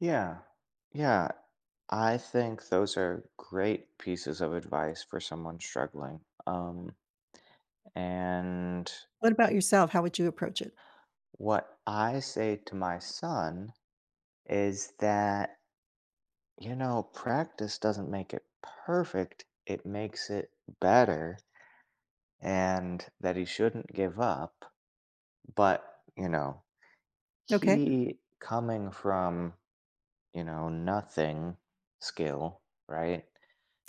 Yeah. Yeah. I think those are great pieces of advice for someone struggling. Um. And What about yourself? How would you approach it? What I say to my son is that, you know, practice doesn't make it perfect, it makes it better. And that he shouldn't give up, but, you know, Okay. he coming from, you know, nothing skill, right?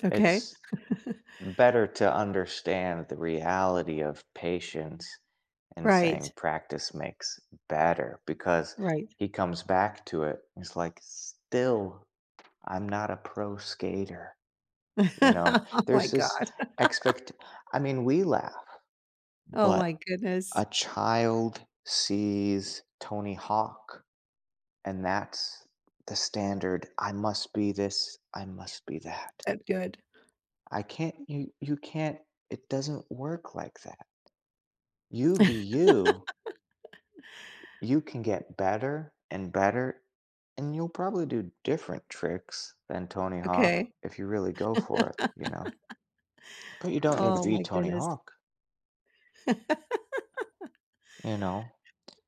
Okay. It's, better to understand the reality of patience and saying Right. practice makes better because Right. he comes back to it. It's, like, still, I'm not a pro skater, you know, Oh, my there's God. this expect I mean, we laugh, Oh, my but, goodness. a child sees Tony Hawk. And that's the standard. I must be this, I must be that. That good. I can't, you you can't, it doesn't work like that. You be you. You can get better and better, and you'll probably do different tricks than Tony Hawk Okay. if you really go for it, you know. But, you don't need to Oh, be my Tony goodness. Hawk. You know?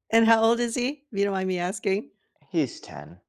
And how old is he? If you don't mind me asking? He's 10.